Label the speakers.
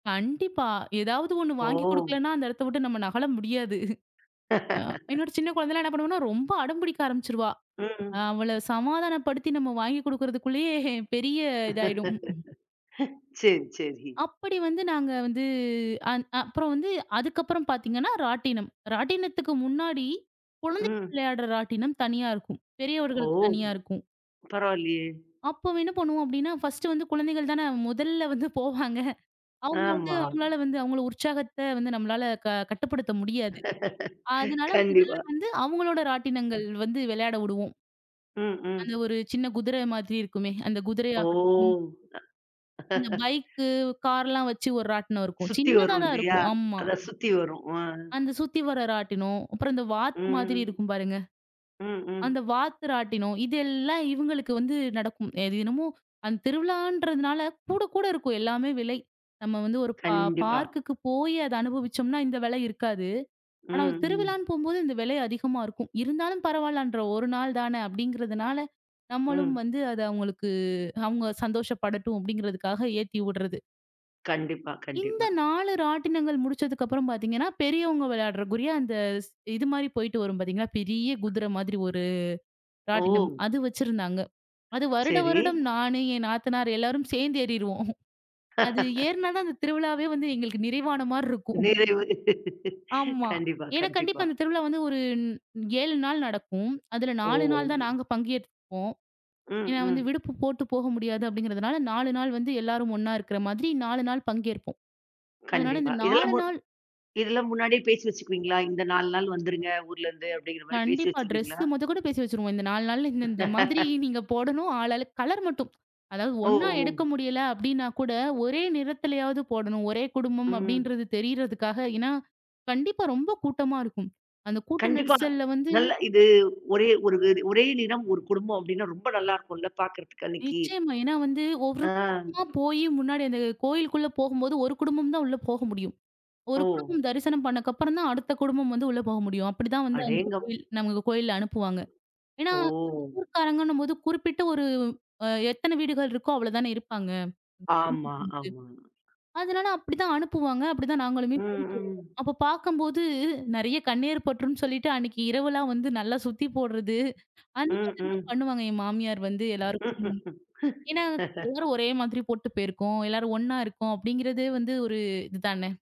Speaker 1: கண்டிப்பா. எதாவது ஒண்ணு
Speaker 2: ஓ!
Speaker 1: வாங்கி குடுக்கலன்னா, அந்த எடத்த விட்டு நம்ம நகல முடியாது. என்னோட சின்ன குழந்தைலாம் என்ன பண்ணுவான்னா, ரொம்ப அடம் பிடிக்க ஆரம்பிச்சிருவா.
Speaker 2: ம், ம்.
Speaker 1: அவள சமாதானப்படுத்தி நம்ம வாங்கி குடுக்கறதுக்குள்ளயே, பெரிய இதாயிடும். க்கும்.
Speaker 2: சரி சரி.
Speaker 1: அப்படி வந்து நாங்க வந்து அந் அ அப்புறம் வந்து, அதுக்கப்புறம் பாத்தீங்கன்னா, ராட்டினம். ராட்டினத்துக்கு முன்னாடி, குழந்தைங்க
Speaker 2: ம்.
Speaker 1: விளையாட்ற ராட்டினம் தனியா இருக்கும்.
Speaker 2: ஓ!
Speaker 1: பெரியவர்களுக்குத் தனியா இருக்கும்.
Speaker 2: பரவால்லையே!
Speaker 1: அப்ப அவ, என்ன பண்ணுவோம் அப்படின்னா, ஃபஸ்டு வந்து குழந்தைகள் தானே முதல்ல வந்து போவாங்க. அவுங்க வந்து
Speaker 2: ஆமா.
Speaker 1: அவுங்களால வந்து, அவுங்கள உற்சாகத்த வந்து நம்மளால க கட்டுப்படுத்த முடியாது. அதனால முதல்ல
Speaker 2: கண்டிப்பா.
Speaker 1: வந்து அவுங்களோட
Speaker 2: அ.
Speaker 1: ராட்டினங்கள் வந்து விளையாட உடுவோம்.
Speaker 2: ம்,
Speaker 1: அந்த
Speaker 2: ம்.
Speaker 1: ஒரு சின்ன குதிர மாரி இருக்குமே! அந்த குதிரையாகட்டும்,
Speaker 2: ஓ!
Speaker 1: அந்தப் பைக்கு, கார்லாம் வச்சு ஒரு ராட்டினம் இருக்கும்.
Speaker 2: சுத்தி
Speaker 1: சின்னதா
Speaker 2: வரும்
Speaker 1: தான்
Speaker 2: இல்லையா?
Speaker 1: இருக்கும். ஆமா.
Speaker 2: அதான் சுத்தி வரும். அ.
Speaker 1: அந்தச் சுத்தி வர்ற ராட்டினம். அப்புறம் அந்த வாத்து மாதிரி
Speaker 2: ம்,
Speaker 1: இருக்கும் பாருங்க
Speaker 2: ம்,
Speaker 1: அந்த
Speaker 2: ம்.
Speaker 1: வாத்து ராட்டினம். இதெல்லாம் இவுங்களுக்கு வந்து நடக்கும். எ தினமும், அந்தத் திருவிழான்றதுனால, கூட கூட இருக்கும். எல்லாமே விலை. நம்ம வந்து ஒரு பார்
Speaker 2: கண்டிப்பா.
Speaker 1: பார்க்குக்கு போயி அத அனுபவிச்சோம்ன்னா, இந்த விலை இருக்காது. ஆனா ஒரு
Speaker 2: ம், ம்.
Speaker 1: திருவிழான்னு போம்போது, இந்த விலை அதிகமா இருக்கும். இருந்தாலும் பரவால்லன்ற. 1 நாள் தானே அப்படிங்கறதுனால, நம்மளும்
Speaker 2: ம்.
Speaker 1: வந்து அத அவுங்களுக்கு, அவுங்க சந்தோஷப்படட்டும் அப்படிங்குறதுக்காக ஏத்தி உட்றது.
Speaker 2: கண்டிப்பா,
Speaker 1: இந்த
Speaker 2: கண்டிப்பா.
Speaker 1: 4 ராட்டினங்கள் முடிச்சதுக்கப்புறம் பாத்தீங்கன்னா, பெரியவங்க விளையாடுவதற்குரிய, அந்த ஸ் இது மாரி போயிட்டு வரும் பாத்தீங்கன்னா, பெரிய குதிர மாதிரி ஒரு ராட்டினம்.
Speaker 2: ஓ!
Speaker 1: அது வச்சிருந்தாங்க. அது வருட
Speaker 2: சரி.
Speaker 1: வருடம் நானு, என் நாத்தனார் எல்லாரும் சேந்து ஏறிருவோம். அது ஏறுனா தான் அந்தத் திருவிழாவே வந்து எங்களுக்கு நிறைவான மாரி இருக்கும்.
Speaker 2: நிறைவு.
Speaker 1: ஆமா.
Speaker 2: கண்டிப்பா,
Speaker 1: ஏன்னா கண்டிப்பா
Speaker 2: கண்டிப்பா.
Speaker 1: இந்தத் திருவிழா வந்து ஒரு 7 நாள் நடக்கும். அதுல 4
Speaker 2: ஓ!
Speaker 1: நாள் தான் நாங்க பங்கு ஏத்துப்போம்.
Speaker 2: ம்,
Speaker 1: ஏன்னா வந்து
Speaker 2: ம்.
Speaker 1: விடுப்பு போட்டுப் போக முடியாது அப்படிங்கறதுனால, 4 நாள் வந்து எல்லாரும் ஒண்ணா இருக்கற மாதிரி 4 நாள் பங்கேற்போம். அதனால
Speaker 2: கண்டிப்பா.
Speaker 1: இந்த
Speaker 2: இதெல்லாம்,
Speaker 1: 4
Speaker 2: மு
Speaker 1: நாள்
Speaker 2: இதெல்லாம் முன்னாடியே பேசி வச்சுக்குவீங்களா? "இந்த 4 நாள் வந்துருங்க, ஊர்ல இருந்து" அப்படிங்கிற மாரி பேசி
Speaker 1: கண்டிப்பா.
Speaker 2: வச்சுருவீங்களா?
Speaker 1: ட்ரெஸ்ஸு மொத கொண்டு பேசி வச்சிருவோம். இந்த 4 நாள்ல, இந்தந்த மாதிரி நீங்கப் போடணும். ஆளாளுக்கு, கலர் மட்டும், அதாவது
Speaker 2: ஓ,
Speaker 1: ஒண்ணா
Speaker 2: ஒ!
Speaker 1: எடுக்க முடியல அப்படின்னா கூட, ஒரே நிறத்துலயாவது போடணும். ஒரே குடும்பம்
Speaker 2: ம்.
Speaker 1: அப்படீன்றது தெரியறதுக்காக, ஏன்னா கண்டிப்பா ரொம்ப கூட்டமா இருக்கும். அந்தக் கூட்ட
Speaker 2: கண்டிப்பா.
Speaker 1: நெரிசல்ல வந்து
Speaker 2: நல்லா இது ஒரே, ஒரு ஒரே நிறம், ஒரு குடும்பம் அப்படின்னா, ரொம்ப நல்லா இருக்கும்ல பாக்கிறதுக்கு அன்னைக்கி.
Speaker 1: நிச்சயமா. ஏன்னா வந்து, ஒரு
Speaker 2: ஆ.
Speaker 1: பக்கமா போயி, முன்னாடி அந்தக் கோயிலுக்குள்ள போகும்போது, ஒரு குடும்பம் தான் உள்ள போக முடியும். ஒரு
Speaker 2: ஓ.
Speaker 1: குடும்பம் தரிசனம் பண்ணக்கப்புறம் தான், அடுத்த குடும்பம் வந்து உள்ள போக முடியும். அப்படி தான் வந்து அந்தக்
Speaker 2: அடேங்கப்
Speaker 1: கோயில் நமக்குக் கோயில்ல அனுப்புவாங்க. ஏன்னா,
Speaker 2: ஓ!
Speaker 1: அந்த ஊர்க்காரங்கன்னம்போது, குறிப்பிட்ட ஒரு அ எத்தன வீடுகள் இருக்கோ அவ்வள தானே இருப்பாங்க!
Speaker 2: ஆமா,
Speaker 1: [unintelligible]
Speaker 2: ஆமா.
Speaker 1: அதனால அப்டி தான் அனுப்புவாங்க. அப்டி தான் நாங்களும்
Speaker 2: ம்,
Speaker 1: போயிட்டு வருவோம்.
Speaker 2: ம்.
Speaker 1: அப்ப பாக்கம்போது, நெறையா கண்ணேர் பட்டுருன்னு சொல்லிட்டு, அன்னைக்கு இரவு எல்லாம் வந்து நல்லா சுத்தி போடுறது அந்த
Speaker 2: ம்,
Speaker 1: மாதிரிலாம்
Speaker 2: ம்.
Speaker 1: பண்ணுவாங்க. என் மாமியார் வந்து எல்லாருக்கும். ஏன்னா எல்லாரும் ஒரே மாதிரி போட்டுப் போயிருக்கோம். எல்லாரும் ஒண்ணா இருக்கோம் அப்படிங்கறதே வந்து ஒரு இது தானே!